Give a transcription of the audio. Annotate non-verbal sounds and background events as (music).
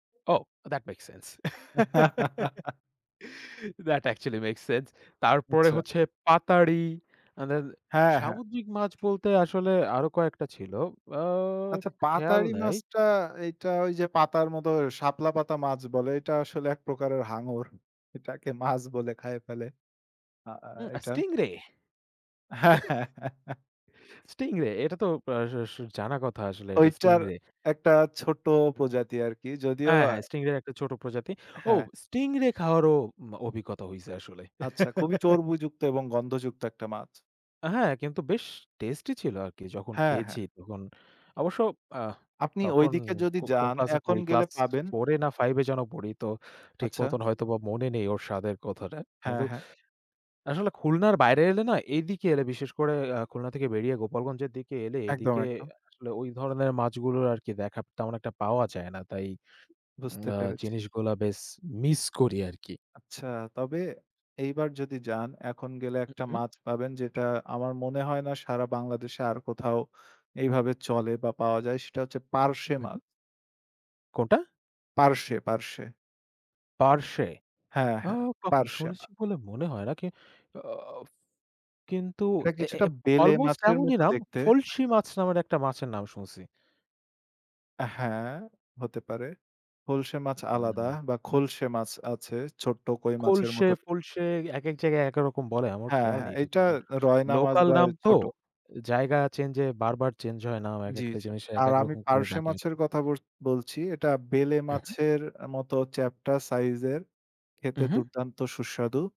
Oh! That makes sense. (laughs) (laughs) That actually makes sense. তারপরে আচ্ছা। হচ্ছে "পাতারি" আ দেন হ্যাঁ, হ্যাঁ। সামুদ্রিক মাছ বলতে আসলে আরো কয়েকটা ছিল। আ আচ্ছা খেয়াল "পাতারি" নাই মাছটা, এইটা ওই যে পাতার মত শাপলা পাতা মাছ বলে। এটা আসলে ১ প্রকারের হাঙর। এটাকে মাছ বলে খাইয়ে ফেলে। আ আ উ আ এটা স্টিং রে। হ্যা। (chuckles) স্টিং রে, এটা তো আ স জানা কথা আসলে, এটা স্টিং ঐটার রে। একটা ছোট প্রজাতি আরকি। যদিও হ্যাঁ, হ্যাঁ। স্টিং রের একটা ছোট প্রজাতি। ও! হ্যাঁ। স্টিং রে খাওয়ারও মা অভিজ্ঞতা হইছে আসলে। আচ্ছা, খুবই (chuckles) চোর বইযুক্ত এবং গন্ধযুক্ত একটা মাছ। হ্যাঁ, কিন্তু বেশ টেস্টি ছিল আরকি। যখন হ্যাঁ, খেয়েছি, হ্যাঁ। তখন অবশ্য আ আপনি ঐ তখন দিকে যদি কো কোন যান ক্লাসে এখন পড়ি? গেলে ক্লাস পাবেন। 4 এ না, 5 এ যেন পড়ি। তো ঠিক আচ্ছা। মতন হয়তো মনে নেই ওর স্বাদের কথাটা। হ্যাঁ, কিন্তু হ্যাঁ। আসলে খুলনার বাইরে এলে না? এদিকে এলে বিশেষ করে আ খুলনা থেকে বেরিয়ে গোপালগঞ্জের দিকে এলে, একদম, এদিকে একদম। আসলে ওই ধরনের মাছগুলোর আরকি দেখা তেমন একটা পাওয়া যায় না, তাই উম বুঝতে আ পেরেছি। জিনিসগুলা বেশ মিস করি আরকি। আচ্ছা। তবে এইবার যদি যান, এখন গেলে ১ হু, টা হু। মাছ পাবেন, যেটা আমার মনে হয় না সারা বাংলাদেশে আর কোথাও এইভাবে চলে বা পাওয়া যায়, সেটা হচ্ছে "পার্শে" হু, মাছ। হু। কোনটা? পার্শ্বে, পার্শ্বে। পার্শে? হ্যাঁ, আ হ্যাঁ, কখনো "পার্শে" মা শুনেছি বলে মনে হয় না। কি আ উফ কিন্তু এটা এ এ কিছুটা এব "বেলে" অলমোস্ট মাছের এমনই মত নাম, দেখতে। "ফলসি" মাছ নামের একটা মাছের নাম শুনছি। আ হ্যাঁ, হতে পারে। "ফলসে" মাছ আলাদা উউ! বা "খলসে" মাছ আছে, ছোট্ট কই মাছের খলসে, মতো ফলসে একেক জায়গায় একেক রকম বলে। আমার হ্যাঁ, খেয়াল হ্যাঁ। নেই ঠিক এইটা মতন। রয় নামাজ লোকাল বা নাম তো, ছোট। জায়গা চেঞ্জ এ বার, বার চেঞ্জ হয় নাম। জ্বি, একেকটা জ্বি। জিনিসে আর একেক আমি রকম করে "পার্শে" ডাকে মাছের আরকি। কথা বত বলছি। এটা "বেলে" হু, হু। মাছের মতো চ্যাপটা সাইজের, খেতে উঁ, হুঁ। দুর্দান্ত সুস্বাদু।